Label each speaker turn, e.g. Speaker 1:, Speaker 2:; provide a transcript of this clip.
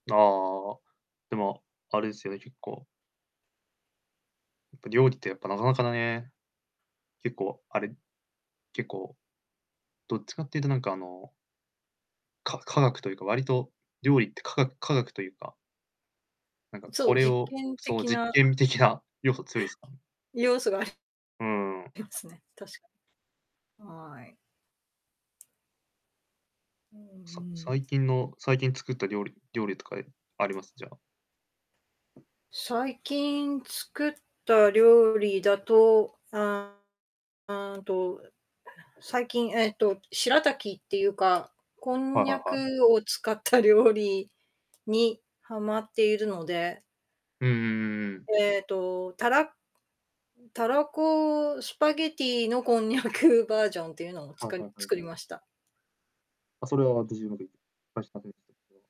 Speaker 1: ああああああ。でも、あれですよね、結構やっぱ料理って、やっぱなかなかだね、結構あれ、結構、どっちかっていうとなんか、あのか科学とゆうか、わりと、料理って、かが科学とゆうかなんか、
Speaker 2: そ
Speaker 1: こ
Speaker 2: う、
Speaker 1: れ
Speaker 2: 実
Speaker 1: を、
Speaker 2: 験
Speaker 1: その、
Speaker 2: 的
Speaker 1: 実
Speaker 2: な
Speaker 1: 験的な要素強いすか？
Speaker 2: 要素があ
Speaker 1: うーん。
Speaker 2: りますね、確かに。はい。うん
Speaker 1: さ
Speaker 2: うん。
Speaker 1: 最近の最近作った料理料理とかで、あります？じゃあ。
Speaker 2: 最近作った料理だと、あーん、あーん、と、う最近えっと、しらたきってゆうか、こん
Speaker 1: はい
Speaker 2: に
Speaker 1: は
Speaker 2: ゃ
Speaker 1: いはい。
Speaker 2: くを使った料理にはまっているので
Speaker 1: うんうんうんうん。
Speaker 2: えと、たらたらこスパゲッティのこんにゃくバージョンっていうのを、つ
Speaker 1: はいは
Speaker 2: く
Speaker 1: い、はい、
Speaker 2: 作り
Speaker 1: はい。
Speaker 2: ました。
Speaker 1: あ、それは、じじゅうなび、あしたび [unintelligible]